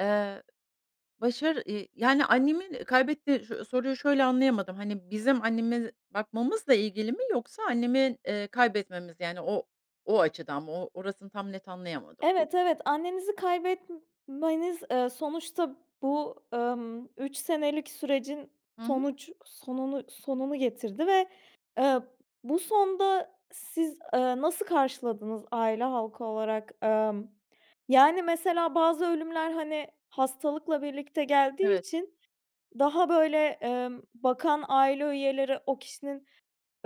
Eee, başarı, iii, yani annemin kaybetti Şu soruyu şöyle anlayamadım. Hani bizim annemi bakmamızla ilgili mi yoksa annemi, iii, kaybetmemiz, yani o, o açıdan mı? O orasını tam net anlayamadım. Evet evet, annenizi kaybetmeniz, ııı, sonuçta bu, ımm, 3 senelik sürecin Hı hı. sonuç sonunu sonunu getirdi ve, eee, bu sonda siz, ııı, nasıl karşıladınız aile halkı olarak? Emm, yani mesela bazı ölümler, hani, hastalıkla birlikte geldiği Evet. için daha böyle, emm, bakan aile üyeleri o kişinin,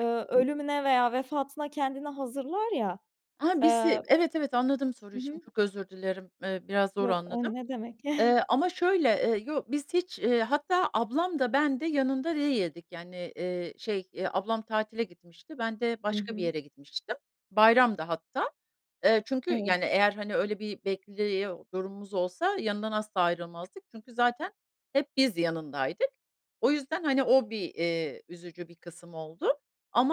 ııı, ölümüne veya vefatına kendini hazırlar ya. Aha, Eee bizi. Evet, evet, anladım Hı soruyu şimdi hı. çok özür dilerim, eee, biraz zor Yok, o anladım. ne demek! Eee, ama şöyle, eee, yo biz hiç, eee, hatta ablam da ben de yanında değildik. Yani, iii, şey, eee, ablam tatile gitmişti, ben de Hı başka bir hı. yere gitmiştim. Bayramdı hatta. Eee, çünkü Evet. yani eğer, hani, öyle bir bekliyor durumumuz olsa yanından asla ayrılmazdık. Çünkü zaten hep biz yanındaydık. O yüzden hani o bir, eee, üzücü bir kısım oldu.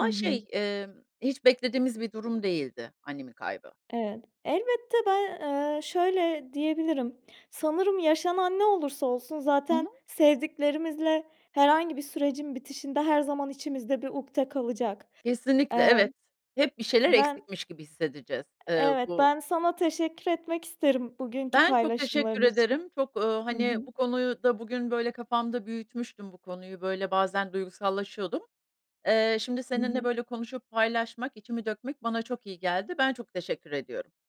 Hı hı. şey, emm, hiç beklediğimiz bir durum değildi annemin kaybı. Evet, elbette, ben, ııı, şöyle diyebilirim: Sanırım yaşanan ne olursa olsun Hı zaten hı. sevdiklerimizle herhangi bir sürecin bitişinde her zaman içimizde bir ukde kalacak. Kesinlikle, Eee. evet, hep bir şeyler ben eksikmiş gibi hissedeceğiz. E Eee evet bu ben sana teşekkür etmek isterim bugünkü Ben çok teşekkür paylaşımların için. ederim. Çok, uuu, Hı hani hı. bu konuyu da bugün böyle kafamda büyütmüştüm, bu konuyu, böyle bazen duygusallaşıyordum. Eee, şimdi Hı seninle hı. böyle konuşup paylaşmak, içimi dökmek bana çok iyi geldi. Ben çok teşekkür ediyorum.